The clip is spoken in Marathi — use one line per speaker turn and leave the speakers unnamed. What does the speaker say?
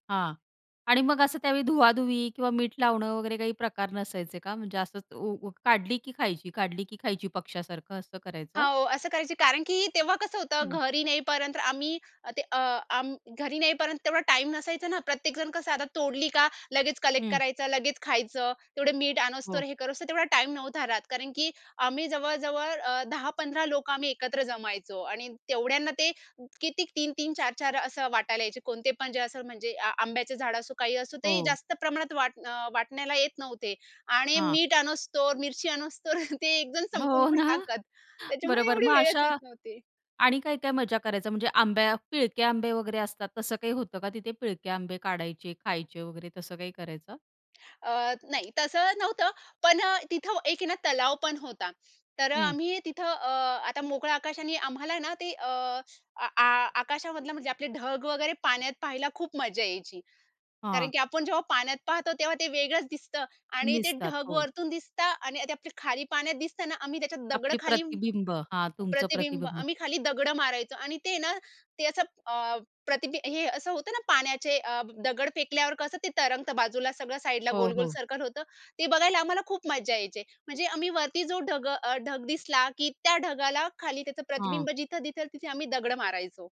हां. आणि मग असं त्यावेळी धुवा-धुवी किंवा मीठ लावणं वगैरे काही प्रकार नसायचे का? म्हणजे असं ऊ काढली की खायची, काढली की खायची, पक्ष्यासारखं असं करायचं?
हो. असं करायची कारण की तेव्हा कसं होतं
हं.
घरी नेईपर्यंत तर आम्ही अ, ते अ, अं, घरी नेईपर्यंत तेवढा टाईम नसायचा ना. प्रत्येकजण कसं आता तोडली का लगेच कलेक्ट
हं.
करायचं, लगेच खायचं, तेवढे मीठ आणोस
हो.
तर हे करोस तर तेवढा टाईम नव्हता राहत. कारण की आम्ही जवळ-जवळ अ, 10-15 लोकं आम्ही एकत्र जमायचो. आणि तेवढ्यांना ते किती 3-3 4-4 असं वाटायला यायचे. कोणते पण जे असं म्हणजे अ, आंब्याचे झाडं असो, काही असो. ते
हो.
जास्त प्रमाणात वाट अ, वाटण्याला येत नव्हते आणि
हां.
मीठ आणोस तर मिरची आणोस तर ते एकदम संपवून
हो
पण
ना,
टाकतात. त्याच्यामुळे
बरोबर.
एवढी
मग
वेळच येत
अशा
नव्हती.
आणि काय-काय मज्जा करायचा? म्हणजे आंब्या, पिळके आंबे वगैरे असतात तसं काही होतं का तिथे? पिळके आंबे काढायचे, खायचे वगैरे तसं काही करायचा?
अ, नाही तसं नव्हतं पण अ, तिथं एक आहे ना तलाव पण होता. तर अ,
हं.
आम्ही तिथं अ, आता मोकळं आकाश आणि आम्हाला ना, ते अ, अ, आ आकाशामधलं म्हणजे आपले ढग वगैरे पाण्यात पाहायला खूप मजा यायची. कारण
हां.
की आपण जेव्हा पाण्यात पाहतो तेव्हा ते वेगळंच दिसतं आणि ते
दिसतात
ढग
हो.
वरून दिसतं आणि ते आप खाली पाण्यात दिसत ना आम्ही त्याच्यात दगड
आपली
खाली
प्रतिबिंब हां तुमचं
प्रतिबिंब.
प्रतिबिंब.
आम्ही खाली दगडं मारायचो आणि ते ना, ते असं अ, प्रतिबि हे असं होतं ना, पाण्याचे अ, दगड फेकल्यावर कसं ते तरंगतं बाजूला. सगळं साइडला
हो,
गोल-गोल
हो.
सर्कल होतं. ते बघायला आम्हाला खूप मज्जा यायची. म्हणजे आम्ही वरती जो ढग अ, ढग दिसला की त्या ढगाला खाली त्याचं
हां.
प्रतिबिंब जिथं-जिथं तिथे आम्ही दगड मारायचो.